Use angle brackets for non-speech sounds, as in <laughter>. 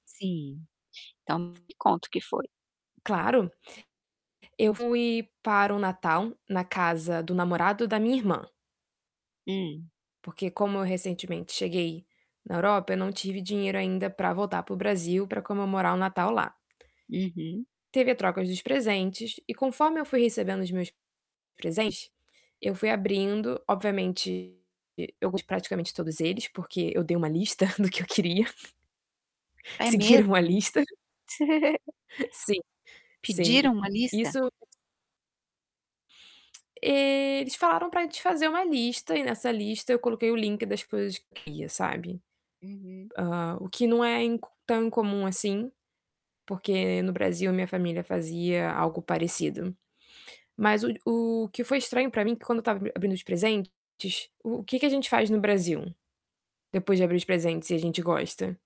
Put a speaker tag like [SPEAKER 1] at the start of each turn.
[SPEAKER 1] Sim, então me conta o que foi.
[SPEAKER 2] Claro. Eu fui para o Natal na casa do namorado da minha irmã
[SPEAKER 1] Hum.
[SPEAKER 2] porque como eu recentemente cheguei na Europa, eu não tive dinheiro ainda pra voltar para o Brasil para comemorar o Natal lá.
[SPEAKER 1] Uhum.
[SPEAKER 2] Teve a troca dos presentes e conforme eu fui recebendo os meus presentes, eu fui abrindo, obviamente, eu gos de praticamente todos eles, porque eu dei uma lista do que eu queria.
[SPEAKER 1] É
[SPEAKER 2] Seguiram a
[SPEAKER 1] mesmo?
[SPEAKER 2] lista.
[SPEAKER 1] <chuckles>
[SPEAKER 2] Sim, sim.
[SPEAKER 1] Pediram uma lista?
[SPEAKER 2] isso Eles falaram para fazer uma lista e nessa lista eu coloquei o link das coisas que eu queria, sabe.
[SPEAKER 1] Uhum.
[SPEAKER 2] Hã, o que não é inc tão incomum assim, porque no Brasil a minha família fazia algo parecido. Mas o o que foi estranho para mim, que quando eu estava abrindo os presentes, o que que a gente faz no Brasil? Depois de abrir os presentes e a gente gosta?